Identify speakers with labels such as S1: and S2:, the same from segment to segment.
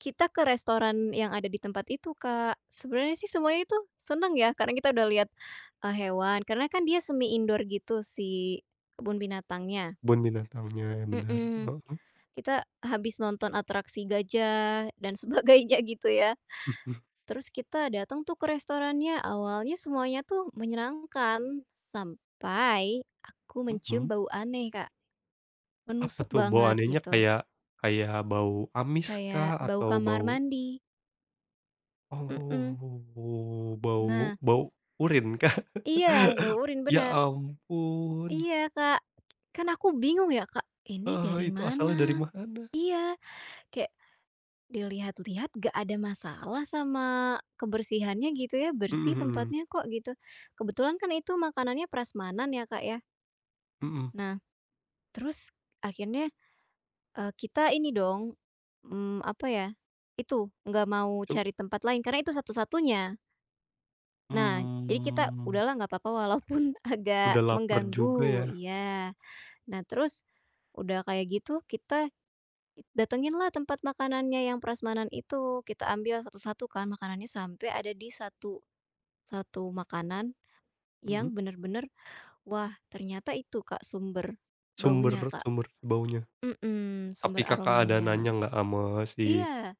S1: Kita ke restoran yang ada di tempat itu, Kak. Sebenernya sih semuanya itu seneng ya, karena kita udah lihat, eee, hewan, karena kan dia semi-indoor gitu si kebun binatangnya.
S2: Kebun binatangnya, bener.
S1: Mhm,
S2: Heeh.
S1: kita habis nonton atraksi gajah dan sebagainya, gitu ya. Terus kita dateng tuh ke restorannya, awalnya semuanya tuh menyenangkan sampai aku mencium
S2: Mhm.
S1: bau aneh, Kak,
S2: Apa
S1: menusuk
S2: tuh, bau
S1: banget,
S2: anehnya
S1: gitu.
S2: kayak kayak bau amis kah
S1: Kayak bau
S2: atau
S1: kamar
S2: bau
S1: mandi. Mhm.
S2: Oh, bau
S1: Nah.
S2: bau, urine kah?
S1: Iya, bau urine,
S2: Ya
S1: bener.
S2: ampun!
S1: Iya, Kak, kan aku bingung ya, Kak, ini dari
S2: Eh, itu
S1: mana?
S2: asalnya dari mana?
S1: Iya, kayak dilihat-lihat nggak ada masalah sama kebersihannya, gitu ya,
S2: Mhm
S1: bersih
S2: mhm.
S1: tempatnya kok, gitu. Kebetulan kan itu makanannya prasmanan ya, Kak, ya.
S2: Mhm.
S1: Nah, terus akhirnya, eee, kita ini dong, mmm, apa ya, itu, nggak mau
S2: Cob
S1: cari tempat lain karena itu satu-satunya. Nah, jadi kita,
S2: Mmm.
S1: udahlah nggak papa walaupun agak
S2: Udah laper juga,
S1: mengganggu.
S2: ya.
S1: Iya. Nah, terus, udah kayak gitu, kita i datengin lah tempat makanannya yang prasmanan itu, kita ambil satu-satu kan makanannya sampai ada di satu satu makanan yang
S2: Mhm.
S1: bener-bener, wah, ternyata itu, Kak, sumber baunya, Kak.
S2: Sumber-sumber baunya.
S1: Mhm, sumber
S2: Tapi Kakak ada
S1: aromanya.
S2: nanya nggak ama si
S1: Iya.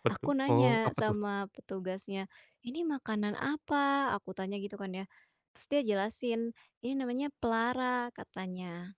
S2: pa tuh?
S1: Aku
S2: Oh,
S1: nanya
S2: apa tuh?
S1: sama petugasnya, "Ini makanan apa"? Aku tanya gitu kan ya, terus dia jelasin, "Ini namanya pelara," katanya.